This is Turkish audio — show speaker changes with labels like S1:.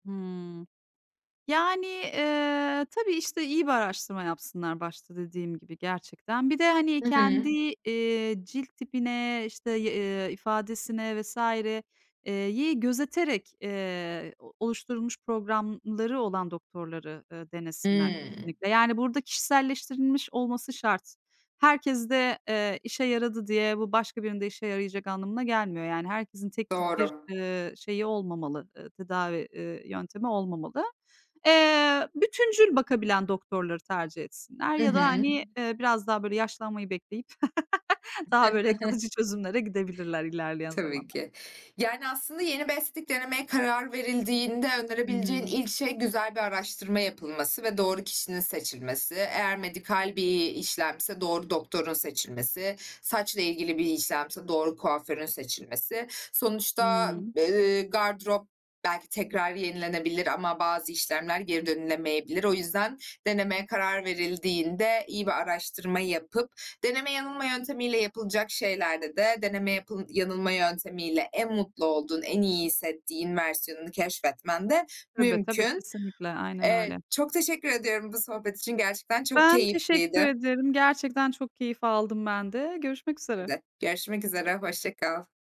S1: Hıı. Yani, eee, tabii işte, iyi bir araştırma yapsınlar başta dediğim gibi gerçekten. Bir de, hani,
S2: Hı hı.
S1: kendi, eee, cilt tipine, işte, y eee, ifadesine vs. eee, yi gözeterek, eee, o oluşturulmuş programları olan doktorları, eee, denesinler
S2: Hıı.
S1: kesinlikle. Yani burada kişiselleştirilmiş olması şart. Herkeste, eee, işe yaradı diye bu başka birini de işe yarayacak anlamına gelmiyor. Yani herkesin tek tip bir,
S2: Doğru.
S1: eee, şeyi olmamalı, eee, tedavi, eee, yöntemi olmamalı. Eee, bütüncül bakabilen doktorları tercih etsinler
S2: Hı
S1: ya da
S2: hı.
S1: hani, eee, biraz daha böyle yaşlanmayı bekleyip daha böyle kalıcı çözümlere gidebilirler ilerleyen
S2: Tabii
S1: zamanlar
S2: ki. Yani aslında yeni bir estetik denemeye karar verildiğinde önerebileceğin
S1: Hıı.
S2: ilk şey, güzel bir araştırma yapılması ve doğru kişinin seçilmesi eğer medikal bir işlemse doğru doktorun seçilmesi, saçla ilgili bir işlemse doğru kuaförün seçilmesi. Sonuçta
S1: Hıı.
S2: b eee, gardırop belki tekrar yenilenebilir ama bazı işlemler geri dönülemeyebilir. O yüzden, denemeye karar verildiğinde iyi bir araştırma yapıp, deneme yanılma yöntemiyle yapılacak şeylerde de deneme yap yanılma yöntemiyle en mutlu olduğun, en iyi hissettiğin versiyonunu keşfetmen de
S1: Tabii, tabii,
S2: mümkün.
S1: kesinlikle, aynen öyle.
S2: Eee, çok teşekkür ediyorum bu sohbet için gerçekten çok
S1: Ben teşekkür
S2: keyifliydi.
S1: ederim. Gerçekten çok keyif aldım ben de. Görüşmek
S2: Ben
S1: üzere.
S2: de görüşmek üzere. Hoşça kal.